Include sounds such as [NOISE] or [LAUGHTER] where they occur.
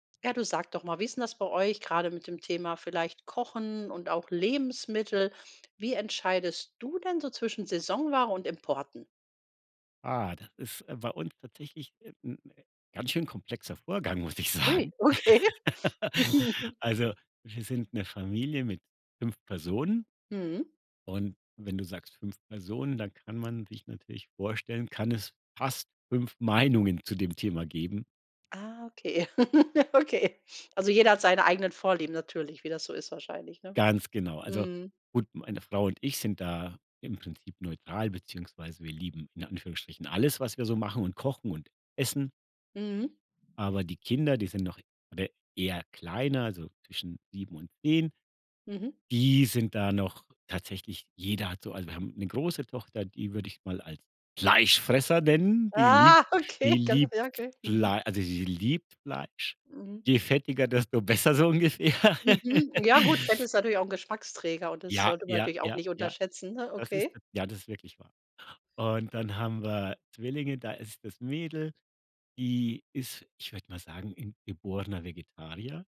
Ja, du sag doch mal, wie ist denn das bei euch grade mit dem Thema vielleicht Kochen und auch Lebensmittel? Wie entscheidest du denn so zwischen Saisonware und Importen? Ah, das ist, äh, bei uns tatsächlich, äh, 'n ganz schön komplexer Vorgang, muss ich Ui, sagen. okay. [LAUGHS] [CHUCKLES] Also, wir sind 'ne Familie mit 5 Personen Mhm. und wenn du sagst 5 Personen, dann kann man sich natürlich vorstellen, kann es fast 5 Meinungen zu dem Thema geben. Ah, okay, [CHUCKLES] okay. Also, jeder hat seine eigenen Vorlieben natürlich, wie das so ist wahrscheinlich, ne? Ganz genau. Also, Mhm. gut, meine Frau und ich sind da im Prinzip neutral beziehungsweise wir lieben in Anführungsstrichen alles, was wir so machen und kochen und essen. Mhm. Aber die Kinder, die sind noch oder eher kleiner, also, zwischen 7 und 10. Mhm. Die sind da noch tatsächlich jeder hat so also, wir haben 'ne große Tochter, die würde ich mal als Fleischfresser nennen. Die liebt Ah, die okay. Das ist liebt ja, okay, mhm. Flei also, sie liebt Fleisch. Mhm. Je fettiger, desto besser so ungefähr. Mhm, ja gut, Fett [LAUGHS] ist natürlich auch 'n Geschmacksträger und das Ja, sollte man ja, natürlich auch ja, nicht ja. unterschätzen, ne, Das ist okay. das Ja, das ist wirklich wahr. Und dann haben wir Zwillinge, da ist das Mädel, die ist, ich würde mal sagen, 'n geborener Vegetarier.